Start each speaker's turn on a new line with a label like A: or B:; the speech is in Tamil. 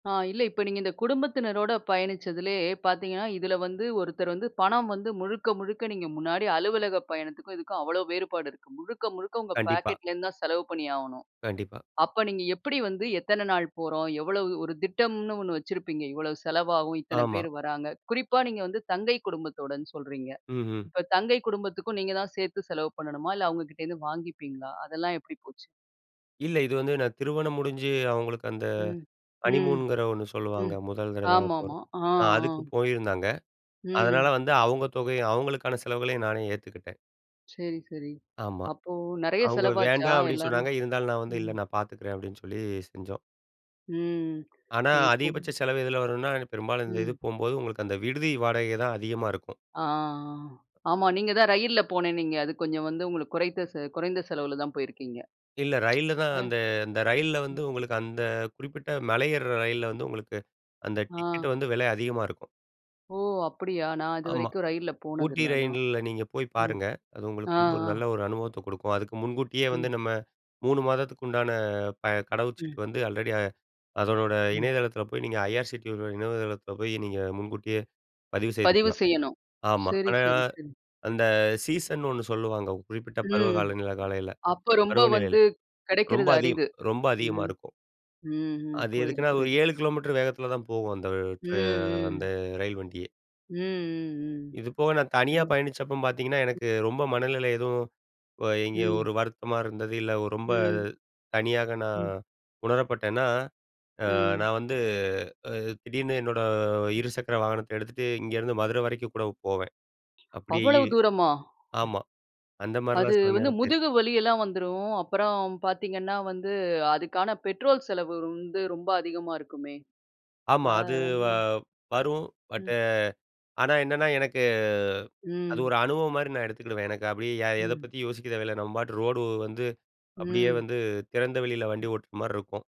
A: ஆ இல்ல. இப்போ நீங்க இந்த குடும்பத்தினரோட பயணிச்சதிலயே பாத்தீங்கன்னா, இதில வந்து, ஒருத்தர் வந்து பணம் வந்து முழுக்க முழுக்க நீங்க முன்னாடி அலுவலகப் பயணத்துக்கும் இதுக்கும் அவ்ளோ வேறுபாடு இருக்கு. முழுக்க முழுக்க உங்க
B: கண்டிப்பா.
A: பாக்கெட்லேருந்து தான் செலவு பண்ணி ஆவணும்.
B: கண்டிப்பா.
A: அப்ப, நீங்க எப்படி வந்து எத்தனை நாள் போறோம்? எவ்ளோ? ஒரு திட்டம்னு ஒண்ணு வச்சிருப்பீங்க. இவ்வளோ செலவாகும், இத்தனை
B: ஆமா.
A: பேர் வராங்க, குறிப்பா நீங்க வந்து தங்கை குடும்பத்தோடுன்னு சொல்றீங்க.
B: ம்ஹ்ம்.
A: இப்ப தங்கை குடும்பத்துக்கும் நீங்க தான் சேத்து செலவு பண்ணணுமா? இல்ல அவுங்ககிட்டேருந்து வாங்கிப்பீங்களா? அதெல்லாம் எப்படி போச்சு?
B: இல்ல. இது வந்து நான் திருமணம் முடிஞ்சு அவுங்களுக்கு அந்த
A: ம், ம்,
B: ஹனிமூன்ங்கிற ஒண்ணு சொல்லுவாங்க.
A: ம்.
B: முதல் தடவை
A: ஆமா, ஆமா.
B: போறது
A: ஆ,
B: அ அதுக்கு
A: ஆ.
B: போயிருந்தாங்க. அதனால
A: ம்.
B: வந்து அவுங்க தொகையும் அவுங்களுக்கான செலவுகளையும் நானே ஏத்துக்கிட்டேன்.
A: சரி சரி.
B: ஆமா.
A: அப்போ நெறையா
B: அவுங்க
A: செலவாச்சா?
B: "வேண்டாம்" அப்படின்னு
A: எல்லாரும்
B: சொன்னாங்க, இருந்தாலும், நான் வந்து, "இல்ல
A: ம்.
B: நான் பாத்துக்கிறேன்" அப்படின்னு சொல்லி செஞ்சோம்.
A: ம்.
B: ஆனா, அதிகபட்ச
A: [unintelligible]
B: செலவு எதுல வருன்னா? பெரும்பாலும் இந்த இது
A: ம்.
B: போம்போது, உங்களுக்கு அந்த விடுதி வாடகை தான் அதிகமா இருக்கும்.
A: ஆ, அ. ஆமா. நீங்க தான் ரயில்ல போனேன்னீங்க. அது கொஞ்சம் வந்து, உங்களுக்கு குறைத்த செ குறைந்த செலவில தான் போயிருக்கீங்க.
B: இல்ல ரயில்ல தான்
A: அ,
B: அந்த அந்த ரயில்ல வந்து
A: ம்.
B: உங்களுக்கு அந்த குறிப்பிட்ட மலை ஏறுற ரயில்ல வந்து, உங்களுக்கு அந்த டிக்கெட்
A: ஆ.
B: வந்து விலை அதிகமா இருக்கும்.
A: ஓ! அப்படியா? நான்
B: ஆமா.
A: இதுவரைக்கும் ரயில்ல
B: ஊட்டி
A: போனதில்ல, அதான்.
B: ரயில்ல நீங்க போய்
A: ம்.
B: பாருங்க! அது உங்களுக்கு
A: ஆ,
B: வந்து ஒரு
A: ஆ.
B: நல்ல ஒரு அனுபவத்த குடுக்கும். அதுக்கு முன்கூட்டியே வந்து
A: ம்.
B: நம்ம 3 மாதத்துக்கு உண்டான ப கடவு
A: ம்.
B: சீட்டு வந்து ஆல்ரெடி அதனோட
A: ம்.
B: இணையதளத்தில போய் நீங்க ஐஆர்சுடியோட இணையதளத்தில போயி, நீங்க முன்கூட்டியே பதிவு
A: பதிவு
B: செய்துக்கலாம்.
A: செய்யணும்.
B: ஆமா.
A: சரி,
B: ஆனா,
A: சரி, சரி.
B: அந்த சீசன்னு ஒண்ணு சொல்லுவாங்க. குறிப்பிட்ட
A: ம்
B: பருவகால நிலை காலநிலைல
A: அப்ப ரொம்ப
B: பருவநிலையில.
A: வந்து,
B: ரொம்ப
A: கெடைக்கிறது
B: அதிகம்
A: அரிது.
B: ரொம்ப அதிகமா
A: ம்,
B: இருக்கும்.
A: ம், ம்.
B: அது
A: புரியுது,
B: எதுக்குன்னா? ஒரு
A: புரியுது.
B: 7 கிலோமீட்டர் வேகத்தில தான் போகும். அந்த
A: ம்,
B: ட்ரா அந்த
A: ம்.
B: ரயில் வண்டியே.
A: ம், ம், ம்.
B: இது போக, நான் தனியா
A: சரிங்க.
B: பயணிச்சப்ப பாத்தீங்கன்னா
A: ம்.
B: எனக்கு ரொம்ப மனநிலை எதுவும் வ எங்கேயோ
A: ம்.
B: ஒரு வருத்தமா இருந்தது, இல்ல ரொம்ப
A: ம்.
B: தனியாக நான்
A: ம்.
B: உணரப்பட்டேன்னா! அ,
A: ம்.
B: நான் வந்து, அ திடீர்னு என்னோட இருசக்கர வாகனத்தை எடுத்துட்டு, இங்கேருந்து மதுரை வரைக்கும் கூட போவேன். அப்படியே இ
A: அவ்வளவு தூரமா?
B: ஆமா. அந்த
A: அது
B: மாரிலாம் சில
A: வந்து
B: நேரம் போயிருக்கேன்.
A: முதுகு வலி எல்லாம் வந்துரும், அப்புறம் பாத்தீங்கன்னா வந்து, அதுக்கான பெட்ரோல் செலவு வந்து ரொம்ப அதிகமா இருக்குமே!
B: ஆமா.
A: அ,
B: அது வ
A: அஹ.
B: வரும் பட்
A: ம்.
B: ஆனா, என்னான்னா? எனக்கு அது
A: ம்.
B: ஒரு அனுபவம் மாரி நான் எடுத்துக்கிடுவேன். எனக்கு அப்படியே யா எத
A: ம்.
B: பத்தியும் யோசிக்க தேவைல்ல. நம்ம பாட்டுக்கு ரோடு வந்து அப்படியே
A: ம்.
B: வந்து, திறந்தவெளியில
A: ம்.
B: வண்டி ஓட்டுற மாரி இருக்கும்.